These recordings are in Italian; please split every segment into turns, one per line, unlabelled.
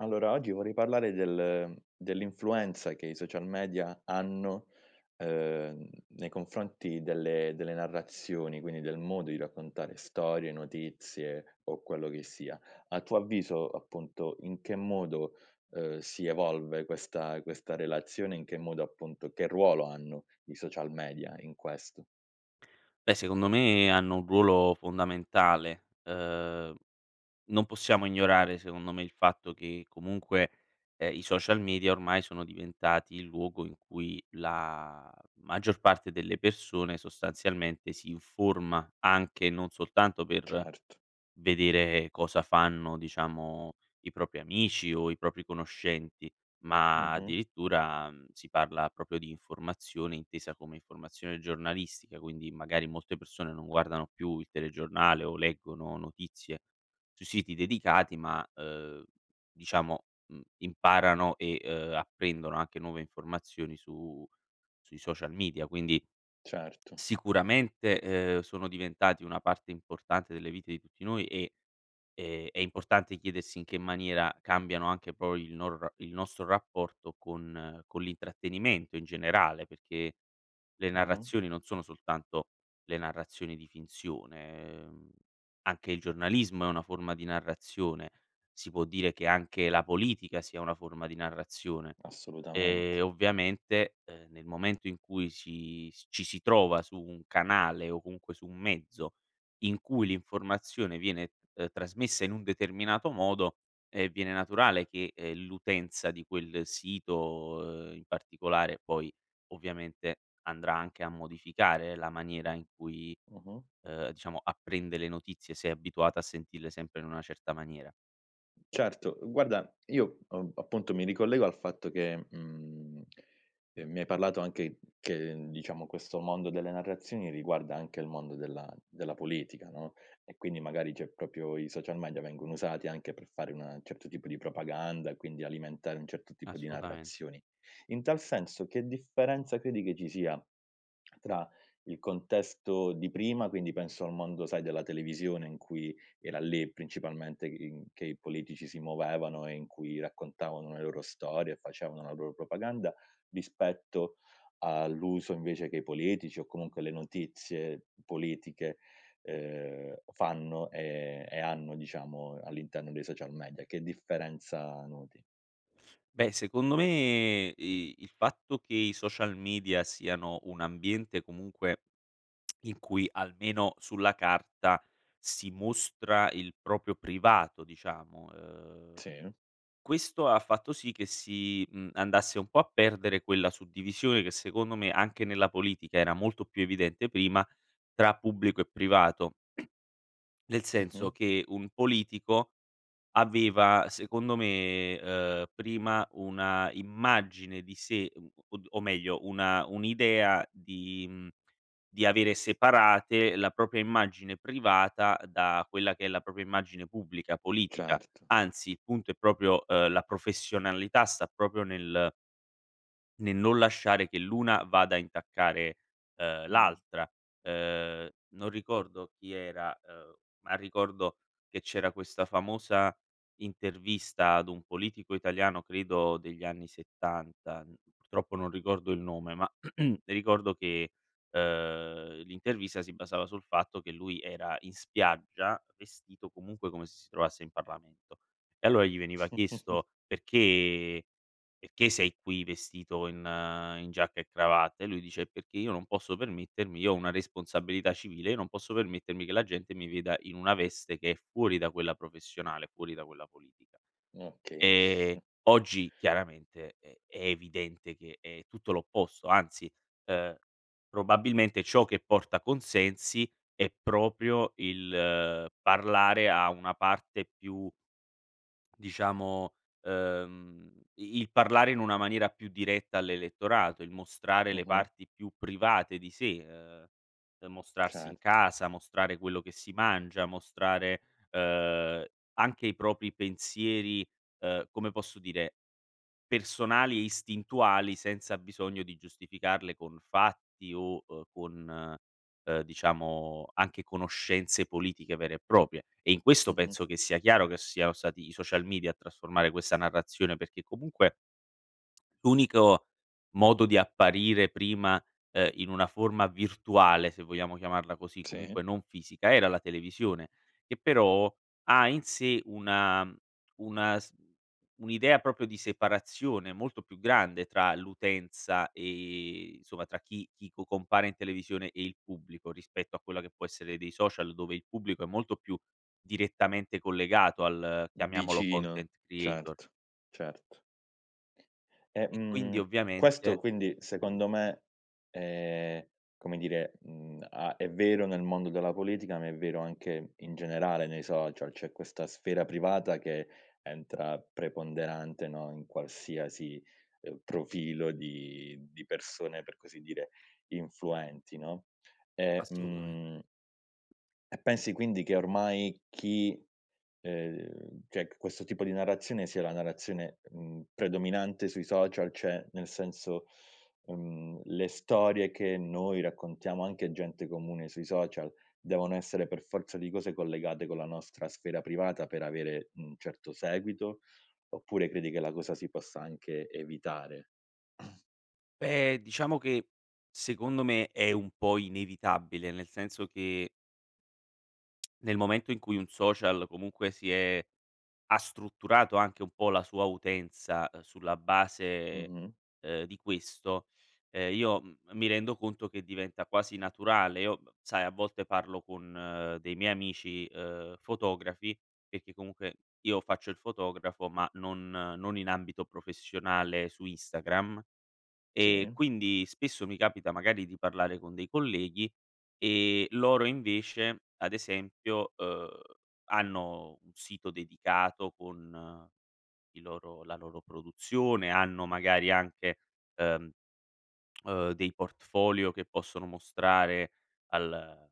Allora oggi vorrei parlare del dell'influenza che i social media hanno, uhm, nei confronti delle delle narrazioni, quindi del modo di raccontare storie, notizie, o quello che sia. A tuo avviso, appunto, in che modo, uhm, si evolve questa questa relazione, in che modo appunto che ruolo hanno i social media in questo?
Beh secondo me hanno un ruolo fondamentale. Uhm, non possiamo ignorare secondo me il fatto che comunque, uhm, i social media ormai sono diventati il luogo in cui la maggior parte delle persone sostanzialmente si informa, anche non soltanto per
Certo.
vedere cosa fanno, diciamo, i propri amici o i propri conoscenti, ma
Mh-mh.
addirittura si parla proprio di informazione intesa come informazione giornalistica. Quindi magari molte persone non guardano più il telegiornale o leggono notizie sui siti dedicati, ma, uhm, diciamo, mhmm, imparano e, uhm, apprendono anche nuove informazioni su sui social media. Quindi,
Certo.
sicuramente, uhm, sono diventati una parte importante delle vite di tutti noi e e è importante chiedersi in che maniera cambiano, anche poi il nor il nostro rapporto con con l'intrattenimento in generale, perché le
Mh-mh.
narrazioni non sono soltanto le narrazioni di finzione; ehm, anche il giornalismo è una forma di narrazione; si può dire che anche la politica sia una forma di narrazione.
Assolutamente.
Ehm, ovviamente, ehm, nel momento in cui si s ci si trova su un canale o comunque su un mezzo, in cui l'informazione viene, ehm, trasmessa in un determinato modo, ehm, viene naturale che, ehm, l'utenza di quel sito in particolare poi, ovviamente, andrà anche a modificare la maniera in cui,
Mh-mh.
uhm, diciamo apprende le notizie se è abituata a sentirle sempre in una certa maniera.
Certo, guarda, io a appunto mi ricollego al fatto che, mhmm, ehm, mi hai parlato anche che diciamo questo mondo delle narrazioni riguarda anche il mondo della della politica, no, e quindi magari c'è proprio i social media vengono usati anche per fare una certo tipo di propaganda e quindi, alimentare un certo tipo di
Assolutamen
narrazioni. In tal senso, che differenza credi che ci sia tra il contesto di prima, quindi penso al mondo, sai, della televisione in cui era lì principalmente i in che i politici si muovevano e in cui raccontavano le loro storie e facevano la loro propaganda, rispetto all'uso invece che i politici, o comunque le notizie politiche, ehm, fanno e e hanno diciamo all'interno dei social media. Che differenza noti?
Beh, secondo me i il fatto che i social media siano un ambiente comunque, in cui, almeno sulla carta, si mostra il proprio privato, diciamo, ehm,
Sì.
questo ha fatto sì che si, mhmm, andasse un po' a perdere quella suddivisione che secondo me, anche nella politica era molto più evidente prima, tra pubblico e privato. Nel senso
Mh-mh.
che un politico aveva, secondo me, uhm, prima una immagine di sé, o d o meglio una un'idea di, mhmm di avere separate la propria immagine privata da quella che è la propria immagine pubblica politica.
Certo.
Anzi, il punto è proprio uhm, la professionalità sta proprio nel Nel non lasciare che l'una vada a intaccare, uhm,
Mh.
l'altra. Uhm, non ricordo chi era, uhm, ma ricordo che c'era questa famosa intervista ad un politico italiano, credo degli anni 70. Purtroppo non ricordo il nome, ma ricordo che, uhm, l'intervista si basava sul fatto che lui era in spiaggia, vestito comunque come se si trovasse in Parlamento. E allora gli veniva chiesto perché perché sei qui vestito in in giacca e cravatta, lui dice: "Eh perché io non posso permettermi io ho una responsabilità civile, io non posso permettermi che la gente mi veda in una veste che è fuori da quella professionale, fuori da quella politica".
Okay.
Ehm, oggi chiaramente, ehm, è evidente che è tutto l'opposto, anzi, uhm, probabilmente ciò che porta consensi, è proprio il parlare a una parte più diciamo, ehm, i il parlare in una maniera più diretta all'elettorato, il mostrare le
Mh-mh.
parti più private di sé. Uhm, mostrarsi in
Certo.
casa, mostrare quello che si mangia, mostrare, uhm, anche i propri pensieri, uhm, come posso dire, personali e istintuali senza bisogno di giustificarle con fatti o, uhm, con, uhm, diciamo anche conoscenze politiche vere e proprie. E in questo
Mh-mh.
penso che sia chiaro che siano stati i social media a trasformare questa narrazione perché comunque l'unico modo di apparire prima, uhm, in una forma virtuale, se vogliamo chiamarla così,
Sì.
comunque non fisica, era la televisione, che però ha in sé una una s un'idea proprio di separazione molto più grande tra l'utenza, ehm, insomma tra chi chi co compare in televisione e il pubblico, rispetto a quella che può essere dei social dove il pubblico è molto più, direttamente collegato al chiamiamolo
Vicino.
content creator.
Certo, certo. Eh,
E quindi
mhmm,
ovviamente,
questo quindi
come dire
secondo me, ehm, come dire, mhmm, a è vero nel mondo della politica, ma è vero anche in generale nei social, c'è questa sfera privata che entra preponderante, no, in qualsiasi, uhm, profilo di di persone, per così dire, influenti, no? E
Assolutament
mhmm E pensi quindi, che ormai chi, ehm, cioè che questo tipo di narrazione sia la narrazione, mhmm, predominante sui social? Cioè nel senso, mhmm, le storie che noi raccontiamo, anche gente comune sui social, devono essere per forza di cose collegate con la nostra sfera privata per avere un certo seguito? Oppure credi che la cosa si possa anche evitare?
Beh, diciamo che, secondo me, è un po' inevitabile, nel senso che nel momento in cui un social comunque si è ha strutturato anche un po' la sua utenza, uhm, sulla base
Mh-mh.
ehm, di questo, ehm, io m mi rendo conto che diventa quasi naturale. Io b b sai, a volte parlo con dei miei amici ehm, fotografi, perché comunque io faccio il fotografo, ma non non in ambito professionale su Instagram. E
Sì.
quindi, spesso mi capita magari di parlare con dei colleghi, ehm, loro invece, ad esempio, uhm, hanno un sito dedicato con i loro la loro produzione, hanno magari anche, ehm, uhm, dei portfolio che possono mostrare al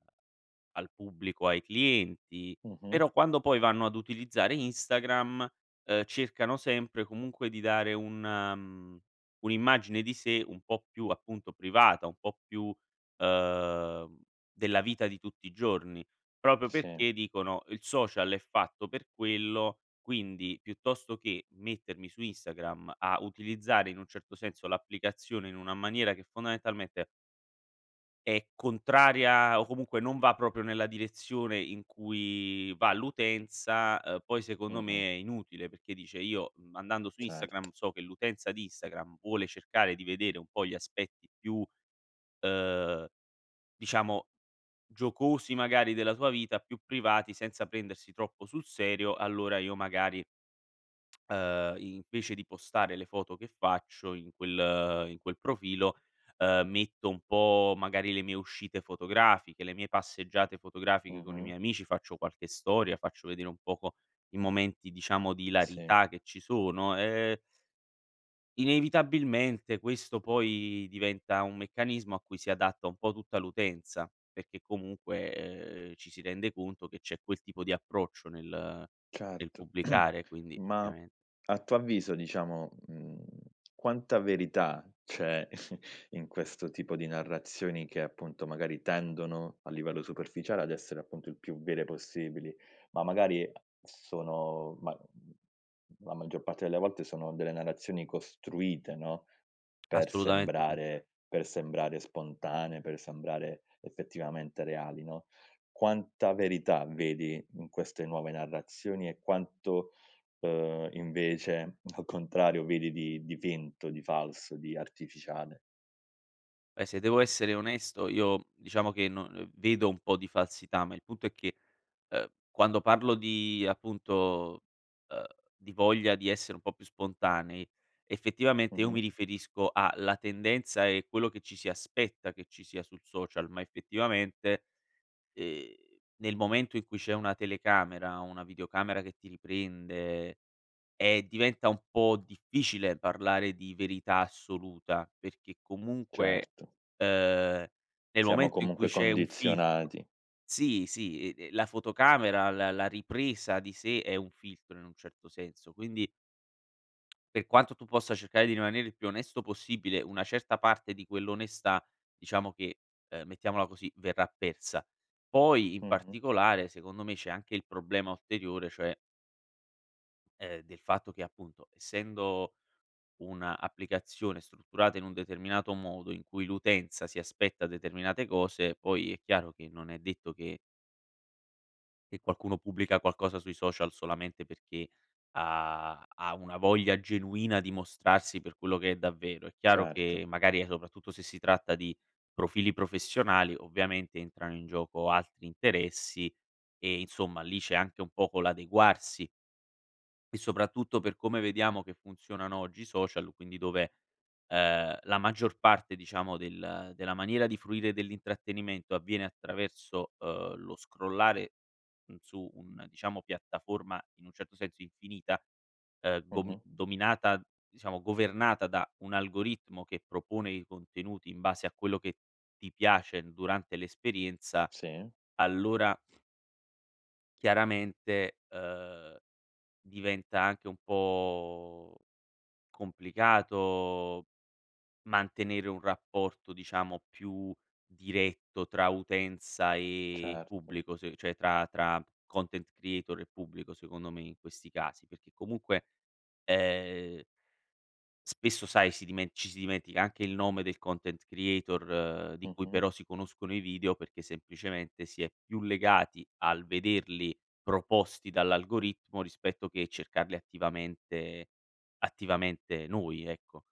al pubblico, ai clienti.
Mh-mh.
Però, quando poi vanno ad utilizzare Instagram, uhm, cercano sempre comunque di dare un, mhmm, un'immagine di sé un po' più appunto privata, un po' più, uhm, della vita di tutti i giorni. Proprio
Sì.
perché dicono: "Il social è fatto per quello, quindi piuttosto che mettermi su Instagram a utilizzare in un certo senso l'applicazione in una maniera che fondamentalmente" È contraria o, comunque, non va proprio nella direzione in cui va l'utenza. Uhm, poi, secondo
Mh-mh.
me, è inutile, perché, dice, io andando su
Cer
Instagram so che l'utenza di Instagram vuole cercare di vedere un po' gli aspetti più, uhm, diciamo, giocosi magari della tua vita, più privati, senza prendersi troppo sul serio, allora io magari, ,ehm, invece di postare le foto che faccio in quel in quel profilo, uhm, metto un po' magari le mie uscite fotografiche, le mie passeggiate fotografiche con i
Mh-mh.
miei amici, faccio qualche storia, faccio vedere un poco i momenti diciamo di
Sì.
ilarità che ci sono, ehm inevitabilmente, questo poi diventa un meccanismo a cui si adatta un po' tutta l'utenza perché comunque, uhm, ci si rende conto che c'è quel tipo di approccio nel nel
Certo,
pubblicare, quindi
ma,
ovviamen
a tuo avviso, diciamo, mhmm, quanta verità c'è in questo tipo di narrazioni che, appunto, magari tendono, a livello superficiale, ad essere, appunto, il più vere possibili, ma magari a s sono ma la maggior parte delle volte sono delle narrazioni costruite, no, per
Assolutamente sì.
sembrare per sembrare spontanee, per sembrare effettivamente reali, no? Quanta verità vedi in queste nuove narrazioni e quanto, uhm, invece, al contrario vedi di di vento, di falso, di artificiale?
Eh, se devo essere onesto, io diciamo che no uhm, vedo un po' di falsità, ma il punto è che, uhm, quando parlo di appunto, uhm, di voglia di essere un po' più spontanei, effettivamente, io mi
Mh-mh.
riferisco a la tendenza e quello che ci si aspetta che ci sia sul social, ma effettivamente, ehm, nel momento in cui c'è una telecamera, una videocamera che ti riprende, ehm, diventa un po' difficile parlare di verità assoluta perché comunque,
Certo.
uhm, nel
Siamo
momento in cui
comunque
c'è un filtro
condizionati.
sì, sì, uhm, la fotocamera, la la ripresa di sé è un filtro in un certo senso, quindi per quanto tu possa cercare di rimanere il più onesto possibile, una certa parte di quell'onestà, diciamo che, uhm, mettiamola così, verrà persa. Poi in
Mh-mh.
particolare, secondo me, c'è anche il problema ulteriore, cioè ehm, del fatto che, appunto, essendo un'applicazione strutturata in un determinato modo, in cui l'utenza si aspetta determinate cose, poi è chiaro che non è detto che Che qualcuno pubblica qualcosa sui social solamente perché ha ha una voglia genuina di mostrarsi per quello che è davvero. È chiaro
Certo.
che magari e soprattutto se si tratta di profili professionali, ovviamente entrano in gioco altri interessi e, insomma, lì c'è anche un poco l'adeguarsi. E soprattutto per come vediamo che funzionano oggi i social, quindi dove, ehm, la maggior parte, diciamo, del della maniera di fruire dell'intrattenimento avviene attraverso, ehm, lo scrollare, mhmm, su un, diciamo piattaforma in un certo senso infinita, ehm, gom
Mh-mh.
dominata diciamo governata da un algoritmo che propone i contenuti in base a quello che ti piace durante l'esperienza,
Sì.
allora chiaramente, ehm, diventa anche un po' complicato mantenere un rapporto, diciamo, più diretto tra utenza e
Certo.
pubblico, se cioè tra tra content creator e pubblico, secondo me in questi casi; perché comunque, ehm spesso sai, si dimen ci si dimentica anche il nome del content creator, di cui
Mh-mh.
però si conoscono i video perché semplicemente si è più legati al vederli proposti dall'algoritmo, rispetto che cercarli attivamente attivamente noi, ecco.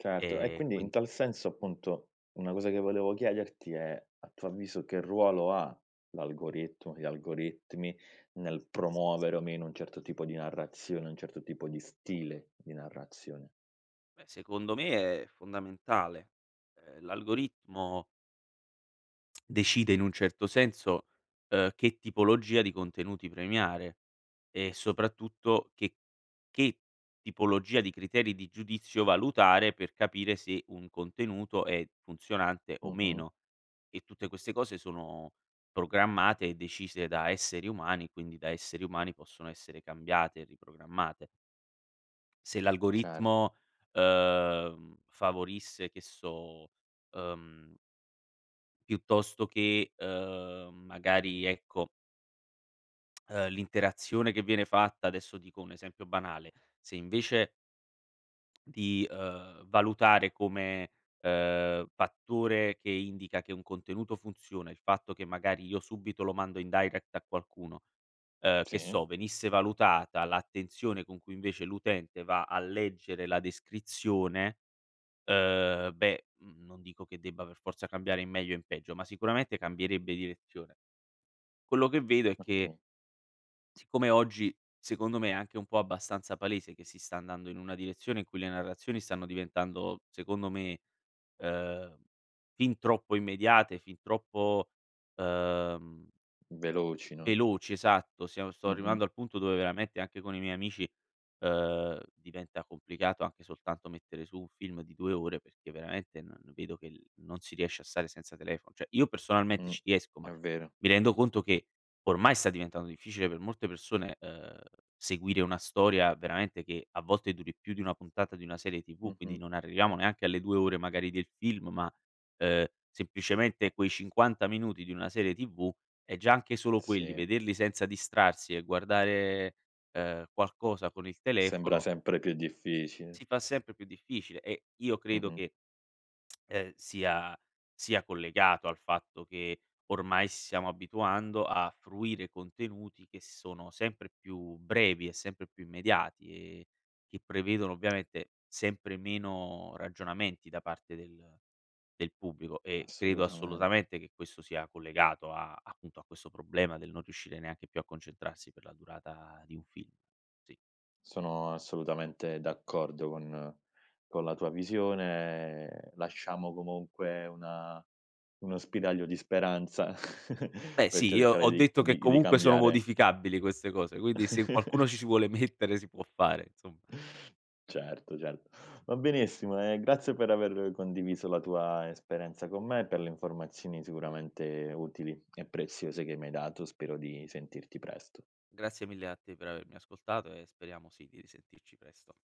Certo. E
Ehm,
quindi in
quin
tal senso, appunto, una cosa che volevo chiederti è: a tuo avviso che ruolo ha l'algoritmo gli algoritmi nel promuovere o meno un certo tipo di narrazione, un certo tipo di stile di narrazione.
Beh, secondo me è fondamentale, ehm, l'algoritmo decide in un certo senso, uhm, che tipologia di contenuti premiare, e soprattutto che che, tipologia di criteri di giudizio valutare per capire se un contenuto è funzionante o
Mh-mh.
meno. E tutte queste cose sono programmate e decise da esseri umani, quindi da esseri umani possono essere cambiate e riprogrammate. Se
Cer
l'algoritmo, uhm, favorisse che so, uhm piuttosto che, uhm, magari ecco uhm, l'interazione che viene fatta adesso dico un esempio banale: se invece di, uhm, valutare come, uhm, fattore che indica che un contenuto funziona, il fatto che magari io subito lo mando in direct a qualcuno, uhm, che
Sì.
so, venisse valutata l'attenzione con cui invece l'utente va a leggere la descrizione, uhm, beh, mhmm, non dico che debba per forza cambiare in meglio o in peggio, ma sicuramente cambierebbe direzione. Quello che vedo è che
Okay.
siccome oggi secondo me è anche un po' abbastanza palese che si sta andando in una direzione in cui le narrazioni stanno diventando, secondo me, uhm, fin troppo immediate, fin troppo uhm
Veloci, no.
veloci, esatto, siam sto
Mh-mh.
arrivando al punto dove veramente anche con i miei amici, uhm, diventa complicato anche soltanto mettere su un film di 2 ore, perché veramente n n vedo che l non si riesce a stare senza telefono, cioè io personalmente
Mh,
ci riesco ma
è vero.
mi rendo conto che ormai sta diventando difficile per molte persone, uhm, seguire una storia veramente che a volte duri più di 1 puntata di una serie TV, quindi
Mh-mh.
non arriviamo neanche alle 2 ore magari del film, ma, ehm, semplicemente quei 50 minuti di una serie TV, e già anche solo quelli,
Sì.
vederli senza distrarsi e guardare, uhm, qualcosa con il
Sembra
telefono
sempre più difficile.
si fa sempre più difficile e io credo
Mh-mh.
che ehm, sia sia collegato al fatto che ormai s siamo abituando a fruire contenuti che sono sempre più brevi e sempre più immediati e che prevedono ovviamente sempre meno ragionamenti da parte del del pubblico e credo
Assolutament
assolutamente che questo sia collegato a appunto a questo problema del non riuscire neanche più a concentrarsi per la durata di un film, sì.
Sono assolutamente d'accordo con con la tua visione, ehm, lasciamo comunque una uno spiraglio di speranza,
Beh
per
sì, io
cercare
ho
di
detto
di
che
di
comunque sono
cambiare
modificabili queste cose, quindi se qualcuno ci si vuole mettere si può fare, insomma.
Certo, certo. Va benissimo e grazie per aver condiviso la tua esperienza con me e per le informazioni sicuramente utili e preziose che mi hai dato, spero di sentirti presto.
Grazie mille a te per avermi ascoltato e speriamo sì, di risentirci presto.